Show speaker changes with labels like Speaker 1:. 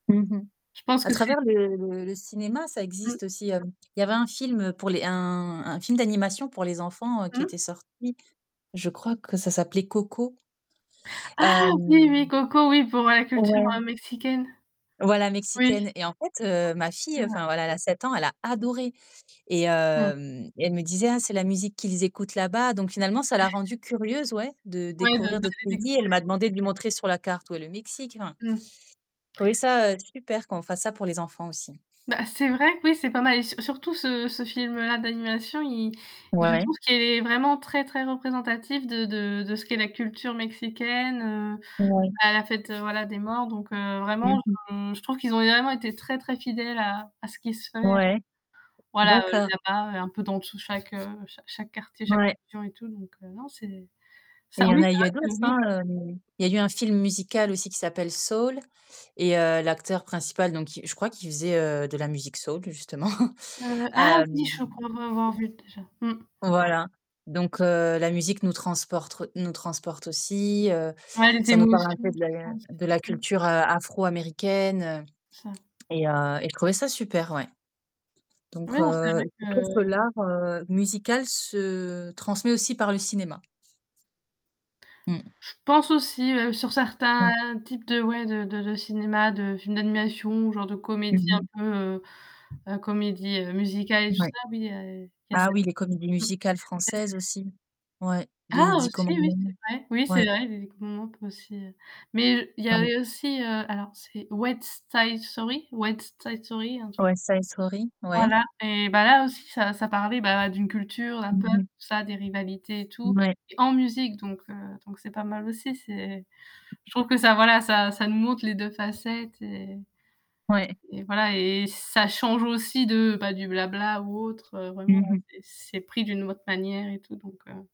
Speaker 1: Mmh mh.
Speaker 2: Je pense
Speaker 1: À
Speaker 2: que c'est
Speaker 1: travers le le le cinéma, ça
Speaker 2: Mmh.
Speaker 1: existe aussi, heu. Il y avait un film pour les un un film d'animation pour les enfants qui
Speaker 2: Mmh.
Speaker 1: était sorti. Je crois que ça s'appelait Coco.
Speaker 2: Ah! Oui,
Speaker 1: Hem.
Speaker 2: oui, Coco, oui, pour la culture
Speaker 1: Ouais.
Speaker 2: mexicaine.
Speaker 1: Voilà
Speaker 2: Oui.
Speaker 1: mexicaine. Et en fait, heu, ma
Speaker 2: C'est
Speaker 1: fille
Speaker 2: vrai.
Speaker 1: enfin voilà elle a 7 ans, elle a adoré et
Speaker 2: Mmh.
Speaker 1: hem, et elle me disait: «Ah c'est la musique qu'ils écoutent là-bas». Donc finalement ça l'a rendue curieuse ouais de découvrir d'autres pays. Elle m'a
Speaker 2: [unintelligible]
Speaker 1: demandé de lui montrer sur la carte où est le Mexique, enfin.
Speaker 2: Mmh.
Speaker 1: J'ai trouvé ça, heu, super qu'on fasse ça pour les enfants aussi.
Speaker 2: Bah c'est vrai que oui c'est pas mal et sur surtout ce ce film-là d'animation il je
Speaker 1: Ouais.
Speaker 2: trouve qu'il est vraiment très très représentatif de de de ce qu'est la culture mexicaine, heu,
Speaker 1: Ouais.
Speaker 2: à la fête voilà des morts donc, heu, vraiment
Speaker 1: Mmh mh.
Speaker 2: et je trouve qu'ils ont vraiment été très très fidèles à à ce qui se fait,
Speaker 1: Ouais,
Speaker 2: voilà
Speaker 1: d'accord.
Speaker 2: là-bas un peu dans tous chaque, heu, chaque chaque quartier, chaque
Speaker 1: Ouais.
Speaker 2: [unintelligible] et tout donc heu, non c'est
Speaker 1: Et
Speaker 2: ça
Speaker 1: il y en
Speaker 2: oui,
Speaker 1: a il y a d'autres hein,
Speaker 2: [unintelligible]
Speaker 1: heu, il y a eu un film musical aussi qui s'appelle Soul et heu, l'acteur principal donc je crois qu'il faisait, heu, de la musique soul justement
Speaker 2: Heu, ah oui
Speaker 1: hem
Speaker 2: je crois l'avoir vu déjà, mmh.
Speaker 1: Voilà, donc, heu, la musique nous transportre nous transporte aussi, heu,
Speaker 2: Ouais, les
Speaker 1: ça nous parle un peu
Speaker 2: émotions tout
Speaker 1: de
Speaker 2: ça.
Speaker 1: la de la
Speaker 2: Mmh.
Speaker 1: culture afro-américaine, heu,
Speaker 2: Ça
Speaker 1: et heu, et je trouvais ça super ouais.
Speaker 2: Ouais,
Speaker 1: Donc
Speaker 2: c'est
Speaker 1: heu,
Speaker 2: vrai que,
Speaker 1: je trouve que
Speaker 2: heu
Speaker 1: l'art, heu, musical se transmet aussi par le cinéma. Mmh.
Speaker 2: Je pense aussi ouais, sur
Speaker 1: Ouais.
Speaker 2: certains types de ouais de de de cinéma, de films d'animation ou genre de
Speaker 1: Mmh
Speaker 2: comédie un
Speaker 1: mh.
Speaker 2: peu heu, comédie musicale et tout
Speaker 1: Ouais.
Speaker 2: ça
Speaker 1: Ah oui, les comédies musicales
Speaker 2: [unintelligible]
Speaker 1: françaises aussi, ouais, Les
Speaker 2: Ah
Speaker 1: 10
Speaker 2: aussi oui
Speaker 1: commandements
Speaker 2: c'est vrai! Oui c'est
Speaker 1: ouais.
Speaker 2: vrai [unintelligible] aussi, heu, mais il y
Speaker 1: [unintelligible]
Speaker 2: avait aussi, alors c'est West side story? West side story, un truc
Speaker 1: West side story? Ouais.
Speaker 2: Voilà et bah là aussi ça ça parlait bah d'une culture, d'un
Speaker 1: Mmh
Speaker 2: peuple,
Speaker 1: mh.
Speaker 2: tout ça, des rivalités et tout
Speaker 1: Ouais.
Speaker 2: en musique donc, heu, donc c'est pas mal aussi, c'est je trouve que ça voilà ça ça nous montre les 2 facettes et
Speaker 1: Ouais.
Speaker 2: voilà et et ça change aussi de, enfin du blabla ou autre, heu, vraiment
Speaker 1: Mmh mh.
Speaker 2: ouais c'est c'est pris d'une autre manière et tout donc heu